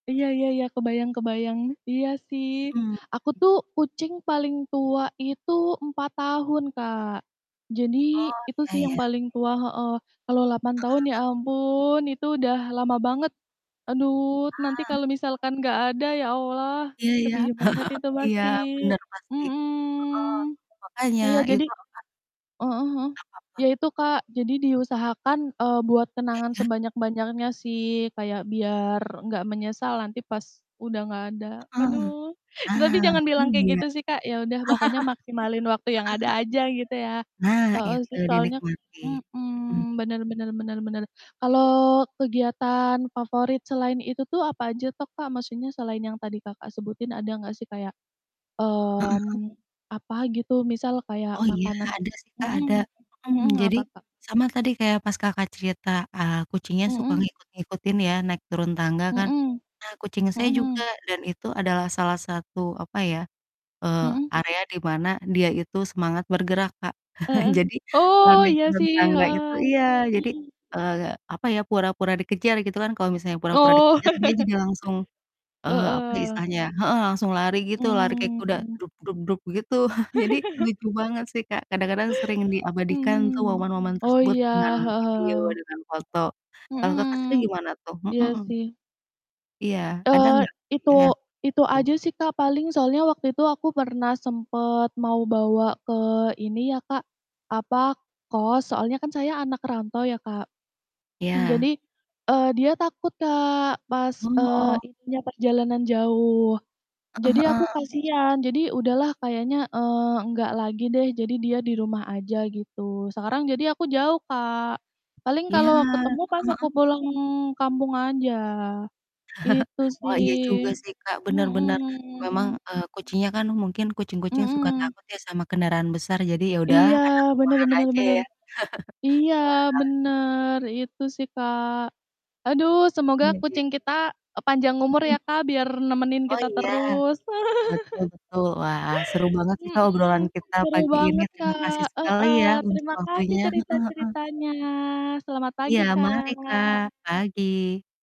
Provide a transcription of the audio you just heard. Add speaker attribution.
Speaker 1: Iya iya iya, kebayang kebayang, iya sih.
Speaker 2: Mmm.
Speaker 1: Aku tuh kucing paling tua itu 4 tahun, Kak. Jadi,
Speaker 2: Oh,
Speaker 1: itu sih
Speaker 2: iya
Speaker 1: yang
Speaker 2: iya.
Speaker 1: paling tua heeh, kalau 8 tahun ya
Speaker 2: Heeh.
Speaker 1: ampun, itu udah lama banget. Aduh nanti
Speaker 2: Ah.
Speaker 1: kalau misalkan nggak ada ya Allah,
Speaker 2: Iya iya,
Speaker 1: sedih banget itu
Speaker 2: iya,
Speaker 1: pasti
Speaker 2: benar, pasti.
Speaker 1: mhm,
Speaker 2: Heeh, makanya
Speaker 1: iya, jadi
Speaker 2: itu akan
Speaker 1: heeh heeh,
Speaker 2: Apa tuh?
Speaker 1: ya itu Kak, jadi diusahakan, eee, buat
Speaker 2: Iya
Speaker 1: kenangan
Speaker 2: iya.
Speaker 1: sebanyak-banyaknya sih, kayak biar nggak menyesal nanti pas udah nggak ada,
Speaker 2: Heeh,
Speaker 1: aduh.
Speaker 2: nah, iya.
Speaker 1: Tapi jangan bilang
Speaker 2: Heeh
Speaker 1: kayak gitu sih Kak, ya udah pokoknya maksimalin waktu yang ada
Speaker 2: heeh.
Speaker 1: aja gitu ya
Speaker 2: Nah,
Speaker 1: heeh,
Speaker 2: itu
Speaker 1: sih soalnya
Speaker 2: dinikmati, mhm.
Speaker 1: mhm, benar benar benar benar. Kalau kegiatan favorit selain itu tuh apa aja toh, Kak? Maksudnya selain yang tadi Kakak sebutin ada nggak sih kayak,
Speaker 2: Heeh heeh.
Speaker 1: mmm, apa, gitu? Misal kayak
Speaker 2: Oh iya,
Speaker 1: makanan
Speaker 2: ada sih Kak, ada,
Speaker 1: mhm mhm,
Speaker 2: mhm. Jadi,
Speaker 1: apa, Kak?
Speaker 2: sama tadi kayak pas Kakak cerita, eee, kucingnya suka
Speaker 1: Mhm.
Speaker 2: ngikut ngikutin ya, naik turun tangga kan.
Speaker 1: Mhm,
Speaker 2: Nah, kucing saya
Speaker 1: mhm
Speaker 2: juga,
Speaker 1: mhm.
Speaker 2: dan itu adalah salah satu, apa ya, eee,
Speaker 1: Mhm.
Speaker 2: area di mana dia itu semangat bergerak, Kak.
Speaker 1: Heeh,
Speaker 2: Jadi, kalau
Speaker 1: oh,
Speaker 2: naik
Speaker 1: iya
Speaker 2: turun
Speaker 1: sih,
Speaker 2: tangga itu
Speaker 1: heeh,
Speaker 2: iya, jadi,
Speaker 1: mhm.
Speaker 2: eee, apa ya, pura-pura dikejar gitu kan, kalau misalnya pura-pura
Speaker 1: Oh.
Speaker 2: dikejar, dia jadi langsung, eee, apa ya
Speaker 1: Heeh.
Speaker 2: istilahnya ya heeh, langsung lari gitu, lari kayak kuda,
Speaker 1: Mmm.
Speaker 2: begitu. Jadi lucu banget sih Kak, kadang-kadang sering diabadikan tuh
Speaker 1: Mhm,
Speaker 2: momen-momen
Speaker 1: oh
Speaker 2: tersebut
Speaker 1: iya,
Speaker 2: dengan
Speaker 1: heeh
Speaker 2: video
Speaker 1: heeh.
Speaker 2: dengan foto. Kalau Kakak sendiri
Speaker 1: Mhm,
Speaker 2: gimana, tuh?
Speaker 1: iya
Speaker 2: Mhm.
Speaker 1: sih.
Speaker 2: Iya, ada
Speaker 1: Eee,
Speaker 2: enggak?
Speaker 1: itu
Speaker 2: Iya ya,
Speaker 1: itu
Speaker 2: tuh.
Speaker 1: aja sih Kak, paling soalnya waktu itu aku pernah sempet mau bawa ke ini ya, Kak, apa, kos, soalnya kan saya anak rantau ya, Kak. Mmm, jadi,
Speaker 2: Iya.
Speaker 1: eee, dia takut Kak, pas, eee,
Speaker 2: Heeh.
Speaker 1: intinya, perjalanan jauh.
Speaker 2: Heeh
Speaker 1: Jadi aku
Speaker 2: heeh.
Speaker 1: kasian, jadi udahlah kayaknya, eee, enggak lagi deh, jadi dia di rumah aja gitu, sekarang jadi aku jauh, Kak. Paling
Speaker 2: Iya,
Speaker 1: kalau
Speaker 2: heeh
Speaker 1: ketemu pas aku
Speaker 2: heeh.
Speaker 1: pulang kampung aja, itu
Speaker 2: Oh, iya juga
Speaker 1: sih.
Speaker 2: sih, Kak, benar benar, memang,
Speaker 1: Mhm.
Speaker 2: eee, kucingnya kan mungkin kucing-kucing suka
Speaker 1: Mhm.
Speaker 2: takut ya sama kendaraan besar, jadi ya udahlah,
Speaker 1: Iya,
Speaker 2: anak
Speaker 1: bener
Speaker 2: rumahan
Speaker 1: bener
Speaker 2: aja
Speaker 1: bener.
Speaker 2: ya.
Speaker 1: Iya
Speaker 2: Wah.
Speaker 1: bener, itu sih, Kak. Aduh, semoga
Speaker 2: Iya iya.
Speaker 1: kucing kita, e panjang umur
Speaker 2: Mhm.
Speaker 1: ya, Kak, biar nemenin
Speaker 2: Oh
Speaker 1: kita
Speaker 2: iya?
Speaker 1: terus.
Speaker 2: Betul betul. Wah seru banget sih Kak,
Speaker 1: Mhm,
Speaker 2: obrolan kita
Speaker 1: seru
Speaker 2: pagi ini.
Speaker 1: banget,
Speaker 2: Terima kasih
Speaker 1: Kak,
Speaker 2: sekali
Speaker 1: heeh.
Speaker 2: ya, untuk
Speaker 1: Terima kasih
Speaker 2: waktunya. Heeh heeh.
Speaker 1: cerita-ceritanya. Selamat
Speaker 2: Iya,
Speaker 1: pagi,
Speaker 2: mari Kak,
Speaker 1: Kak.
Speaker 2: pagi.